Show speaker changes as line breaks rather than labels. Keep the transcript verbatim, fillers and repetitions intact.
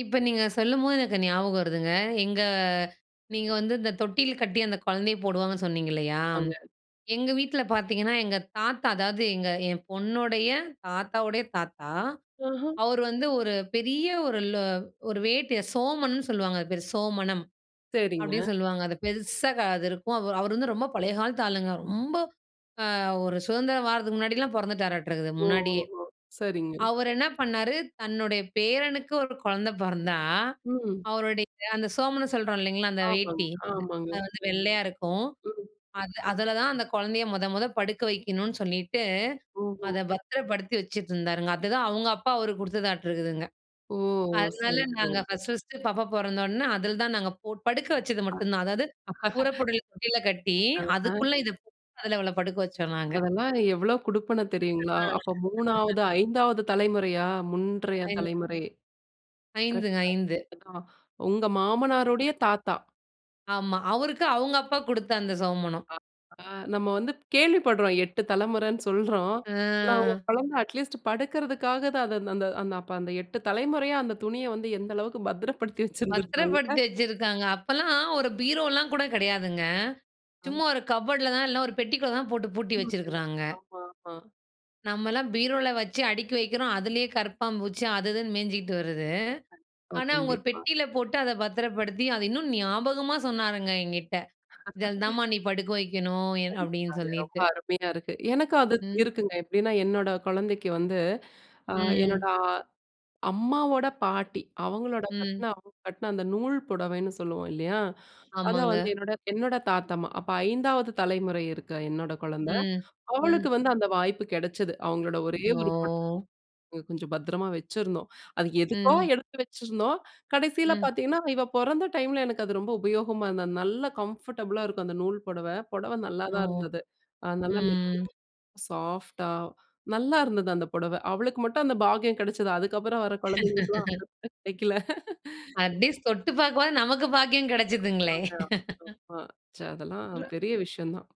இப்ப நீங்க சொல்லும்போது, எனக்கு ஞாபகம் வருதுங்க. எங்க நீங்க வந்து, இந்த தொட்டில் கட்டி, அந்த குழந்தைய போடுவாங்கன்னு சொன்னீங்க இல்லையா!
அங்க!
எங்க வீட்டில பார்த்தீங்கன்னா, எங்க தாத்தா, அதாது எங்க என் பொண்ணுடைய தாத்தாவுடைய தாத்தா.
ஆஹா.
அவரு வந்து ஒரு பெரிய ஒரு ல ஒரு வேட்டிய சோமனு சொல்லுவாங்க அது பேர். சோமனம்,
சேரிங்க.
அப்டின்னு சொல்லுவாங்க. அது பெருசா, அது இருக்கும். அவரு அவரு வந்து ரொம்ப பழைய காலத்து ஆளுங்க. ரொம்ப ஆ ஒரு சுதந்திரம் வாரதுக்கு முன்னாடிலாம் பொறந்துட்டாராட்டுருக்குது,
ஓ,
முன்னாடியே.
ஓஹோ! சரிங்க!
அவரு என்ன பண்ணாரு, தன்னுடைய பேரனுக்கு ஒரு குழந்தை பொறந்தா,
ம்.
அவருடைய அந்த சோமனு சொல்றோம் இல்லைங்களா, அந்த
ஆமாங்க!
வேட்டி!
ஆமாங்க!
அது வந்து வெள்ளையா இருக்கும்.
ம்.
அது அதுல தான் அந்த குழந்தைய மொத, மொத படுக்க வைக்கணும்ன்னு சொல்லிட்டு,
ம்ஹ்ம்.
அத பத்திரப்படுத்தி வைச்சுட்டு இருந்தாருங்க! அதுதான், அவங்க அப்பா அவருக்கு குடுத்ததாட்டு இருக்குதுங்க.
ஓ!
அதனால,
சரி
நாங்க
சரி.
ஃபர்ஸ்ட், ஃபர்ஸ்ட்டு பாப்பா பொறந்தோன, அதில தான் நாங்க படுக்க வச்சது
ஆ!
மட்டுந்தான். அதாது, புறப்படல் கீழ கட்டி,
ஆஹா!
அதுக்குள்ள இத அவள படுக்க வச்சோம் நாங்க.
அதல்லாம் எவ்ளோ குடுப்பன தெரியுங்களா!
ஆ.
அப்போ மூணாவது, ஐந்தாவது தலைமுறையா! முன்றைய
ஐந்
தலைமுறை.
ஐந்து ஐந்து
கரெக்ட்டா? ஆ. உங்க மாமனாருடைய தாத்தா!
ஆமா. அவருக்கு, அவங்க அப்பா குடுத்த, அந்த சோமனம்.
ஆ! ஆ நம்ம வந்து கேள்விப்படுறோம். எட்டு தலைமுறைனு சொல்றோம். ஆனா ஒரு
ஆஹ்.
குழந்தை அட்லீஸ்ட் படுக்கறதுக்காக, தான் அத அந்த அந்த அப்ப அந்த எட்டு தலைமுறையா, அந்த துணிய வந்து, எந்த அளவுக்கு பத்திரப்படுத்தி
பத்துரப்படுத்தி
வச்சுருந்துருப்பாங்க.
வச்சிருக்காங்க. அப்பலாம், ஒரு பீரோலாம் கூட கெடையாதுங்க.
ஆ.
சும்மா ஒரு கப்ஃபோர்டுல தான், இல்ல ஒரு பெட்டிக்குள்ளே தான் போட்டு, பூட்டி
ஆமா. [unintelligible]
வச்சிருக்கிறாங்க.
ஆமா. ஆமா.
நம்மலாம், பீரோல வச்சி அடுக்கி வைக்குறோம். அதுலயே கரப்பான் பூச்சி அது இதுன்னு மேஞ்சுகிட்டு வருது.
கண்டிப்பா
ஆனா, அவங்க ஒரு
கண்டிப்பா.
பெட்டில போட்டு, அத பத்திரப்படுத்தி, அத இன்னும் ஞாபகமா சொன்னாருங்க, என்கிட்ட. இதில தான் மா, நீ படுக்க வைக்கனும் அப்டின்னு
கண்டிப்பாங்க. ரொம்ப
சொல்லிட்டு!
அருமையா இருக்கு. எனக்கு அது
ம்.
இருக்குங்க, எப்படின்னா, என்னோட குழந்தைக்கு வந்து, அ என்னோட
ம்.
அ அம்மாவோட பாட்டி, அவங்களோட கட்ன
ம்.
அவங்க கட்ன அந்த நூல் புடவைன்னு சொல்லுவோம் இல்லையா? அத
ஆமாங்க.
வந்து, என்னோட என்னோட தாத்தம்மா. அப்போ ஐந்தாவது தலைமுறை இருக்கா என்னோட குழந்தை,
ம்.
அவளுக்கு
ம்.
வந்து, அந்த வாய்ப்பு கிடைச்சது. அவங்களோட ஒரே ஒரு புடவ.
ஓ!
கொஞ்சம் பத்திரமா வச்சுருந்தோம். அது எதுக்கோ,
ம்.
எடுத்து வச்சுருந்தோம்! கடைசில
ம்.
பார்த்தீங்கன்னா, இவ பொறந்த டைம்ல எனக்கு அது ரொம்ப உபயோகமா இருந்தது. அது நல்ல கம்ஃபர்டபுளா இருக்கும் அந்த நூல் புடவ. புடவ
ஓ!
நல்லாதான் இருந்தது. நல்லா
ம்.
மெதுவா, சாஃப்ட்டா நல்லா இருந்தது, அந்த புடவ. அவளுக்கு மட்டும் அந்த பாக்கியம் கெடைச்சுது. அதுக்கப்புறம் வர குழந்தைகளுக்கெல்லாம், அது வந்து கெடைக்கல.
அட் லீஸ்ட் தொட்டு பாக்கவாது, நமக்கு பாக்கியம் கிடைச்சததுங்களே!
ஆமாங்க ஆமாங்க ஆமா. சே அதெல்லாம் பெரிய விஷயம் தான்!